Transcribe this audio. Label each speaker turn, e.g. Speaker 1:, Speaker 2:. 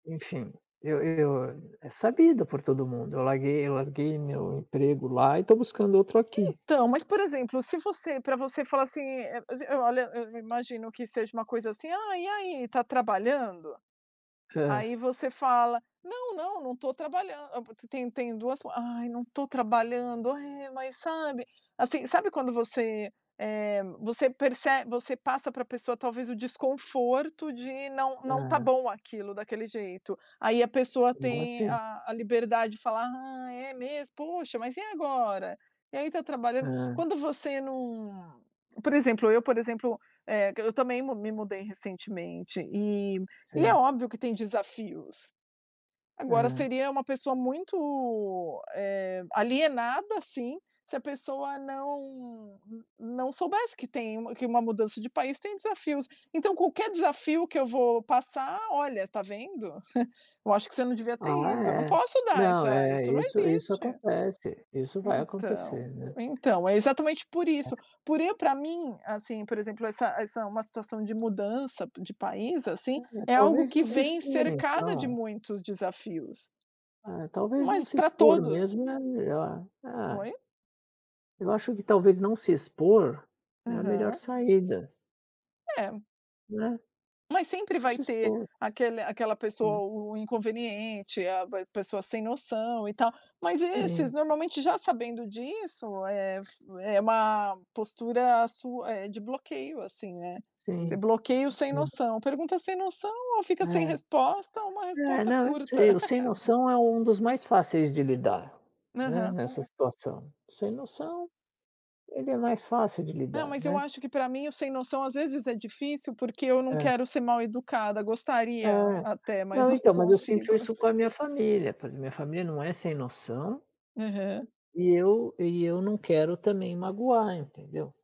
Speaker 1: Enfim, eu eu, é sabido por todo mundo, eu larguei eu larguei meu emprego lá e estou buscando outro aqui.
Speaker 2: Então, mas, por exemplo, se você pra você falar assim, eh, s e olha, eu i imagino que seja uma coisa assim: "Aí, e aí, tá trabalhando?"
Speaker 1: Hã.
Speaker 2: aí, você fala: "Não, não, não tô trabalhando". A, pa tem tem duas for "Ai, não tô trabalhando, ai é, mas", sabe, assim, sabe quando você, eh, você perce você passa pra pessoa talvez o desconforto de não não tá
Speaker 1: Hã.
Speaker 2: bom aquilo, daquele jeito. Aí a pessoa tem
Speaker 1: [unintelligible]
Speaker 2: a a liberdade de falar: "Ah, é mesmo? Poxa, mas e agora?" E aí, tá trabalhando?
Speaker 1: Hã.
Speaker 2: Quando você não, por exemplo, eu, por exemplo, eh, q eu também me mudei recentemente e e é
Speaker 1: Sim.
Speaker 2: óbvio que tem desafios. Agora,
Speaker 1: Aham.
Speaker 2: seria uma pessoa muito, eh, alienada, assim, se a pessoa não não soubesse que tem um que uma mudança de país tem desafios. Então, qualquer desafio que eu vou passar: "Olha, tá vendo? Eu acho que você não devia ter
Speaker 1: Ah,
Speaker 2: ido", eu não
Speaker 1: é.
Speaker 2: posso dar
Speaker 1: Não,
Speaker 2: essa
Speaker 1: é.
Speaker 2: isso não
Speaker 1: Isso isso
Speaker 2: existe.
Speaker 1: acontece, isso vai
Speaker 2: Então,
Speaker 1: acontecer, né.
Speaker 2: então. É exatamente por isso, por eu pra mim, assim, por exemplo, essa essa uma situação de mudança de país, assim,
Speaker 1: É,
Speaker 2: é algo
Speaker 1: talvez
Speaker 2: que
Speaker 1: não se
Speaker 2: vem
Speaker 1: expor
Speaker 2: cercada de
Speaker 1: então.
Speaker 2: muitos desafios.
Speaker 1: É, talvez não
Speaker 2: Mas
Speaker 1: se
Speaker 2: pra
Speaker 1: expor
Speaker 2: todos.
Speaker 1: mesmo é melhor. É.
Speaker 2: Oi?
Speaker 1: Eu acho que talvez não se expor é a melhor
Speaker 2: Aham.
Speaker 1: saída.
Speaker 2: É.
Speaker 1: Né?
Speaker 2: Mas sempre
Speaker 1: Não
Speaker 2: vai
Speaker 1: se
Speaker 2: ter
Speaker 1: expor.
Speaker 2: aquele aquela pessoa,
Speaker 1: Né?
Speaker 2: o o inconveniente, a a pessoa sem noção e tal, mas esses
Speaker 1: Sim.
Speaker 2: normalmente, já sabendo disso, eh, é f é uma postura su eh, de bloqueio, assim, né, você
Speaker 1: Sim,
Speaker 2: bloqueia o sem
Speaker 1: sim.
Speaker 2: noção. Pergunta sem noção, ou fica sem
Speaker 1: É.
Speaker 2: resposta, ou uma
Speaker 1: É,
Speaker 2: resposta
Speaker 1: não, eu
Speaker 2: curta.
Speaker 1: sei. O sem noção é um dos mais fáceis de lidar, né,
Speaker 2: Aham.
Speaker 1: nessa situação. Sem noção, ele é mais fácil de
Speaker 2: Não,
Speaker 1: lidar,
Speaker 2: mas eu
Speaker 1: né.
Speaker 2: acho que, pra mim, o sem noção às vezes é difícil, porque eu não
Speaker 1: Hã.
Speaker 2: quero ser mal-educada.
Speaker 1: É.
Speaker 2: Gostaria até, mas
Speaker 1: Não,
Speaker 2: não
Speaker 1: então, mas eu sinto
Speaker 2: consigo.
Speaker 1: isso com a minha família, porque minha família não é sem noção
Speaker 2: Aham.
Speaker 1: e eu e eu não quero também magoar, entendeu?